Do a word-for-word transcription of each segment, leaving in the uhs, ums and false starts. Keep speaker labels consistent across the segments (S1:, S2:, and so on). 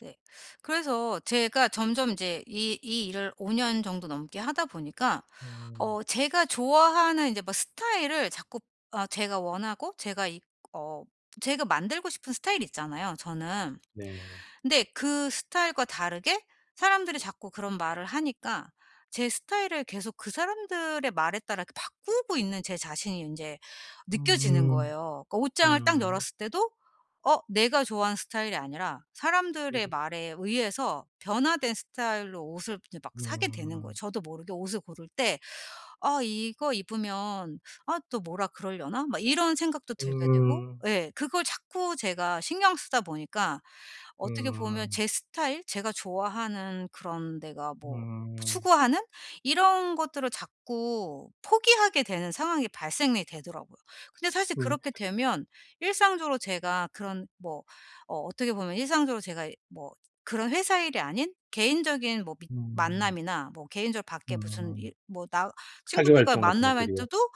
S1: 네. 그래서 제가 점점 이제 이 이 일을 오 년 정도 넘게 하다 보니까
S2: 음.
S1: 어 제가 좋아하는 이제 뭐 스타일을 자꾸 아 제가 원하고 제가 이 어 제가 만들고 싶은 스타일이 있잖아요 저는.
S2: 네.
S1: 근데 그 스타일과 다르게 사람들이 자꾸 그런 말을 하니까 제 스타일을 계속 그 사람들의 말에 따라 그 바꾸고 있는 제 자신이 인제 느껴지는
S2: 음.
S1: 거예요. 그 옷장을 딱
S2: 음.
S1: 열었을 때도 어 내가 좋아하는 스타일이 아니라 사람들의
S2: 음.
S1: 말에 의해서 변화된 스타일로 옷을 이제 막 사게 되는 거예요.
S2: 음.
S1: 저도 모르게 옷을 고를 때 '아 이거 입으면 아 또 뭐라 그러려나?' 막 이런 생각도 들게 되고.
S2: 음.
S1: 예. 그걸 자꾸 제가 신경 쓰다 보니까 어떻게 보면
S2: 음.
S1: 제 스타일 제가 좋아하는 그런 데가 뭐
S2: 음.
S1: 추구하는 이런 것들을 자꾸 포기하게 되는 상황이 발생이 되더라고요. 근데 사실
S2: 음.
S1: 그렇게 되면 일상적으로 제가 그런 뭐 어 어떻게 보면 일상적으로 제가 뭐 그런 회사 일이 아닌 개인적인 뭐 미ㅌ
S2: 음.
S1: 만남이나 뭐 개인적으로 밖에 무슨
S2: 음.
S1: 일 뭐 나
S2: 사교
S1: 친구들과의
S2: 활동 같은
S1: 만남일
S2: 것들이요?
S1: 때도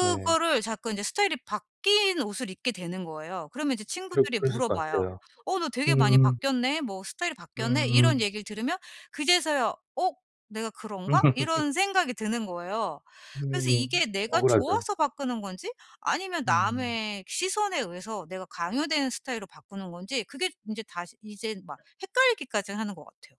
S2: 네.
S1: 자꾸 이제 스타일이 바뀐 옷을 입게 되는 거예요. 그러면 이제
S2: 그랬
S1: 친구들이
S2: 그랬을 것
S1: 물어봐요.
S2: 같아요.
S1: 어 너 되게 많이
S2: 음.
S1: 바뀌었네 뭐 스타일이 바뀌었네 이런
S2: 음.
S1: 얘기를 들으면 그제서야 '어 내가 그런가?' 이런 생각이 드는 거예요. 그래서
S2: 음.
S1: 이게 내가
S2: 억울하죠.
S1: 좋아서 바꾸는 건지 아니면
S2: 음.
S1: 남의 시선에 의해서 내가 강요되는 스타일로 바꾸는 건지 그게 인제 다시 이제 막 헷갈리기까지 하는 것 같아요.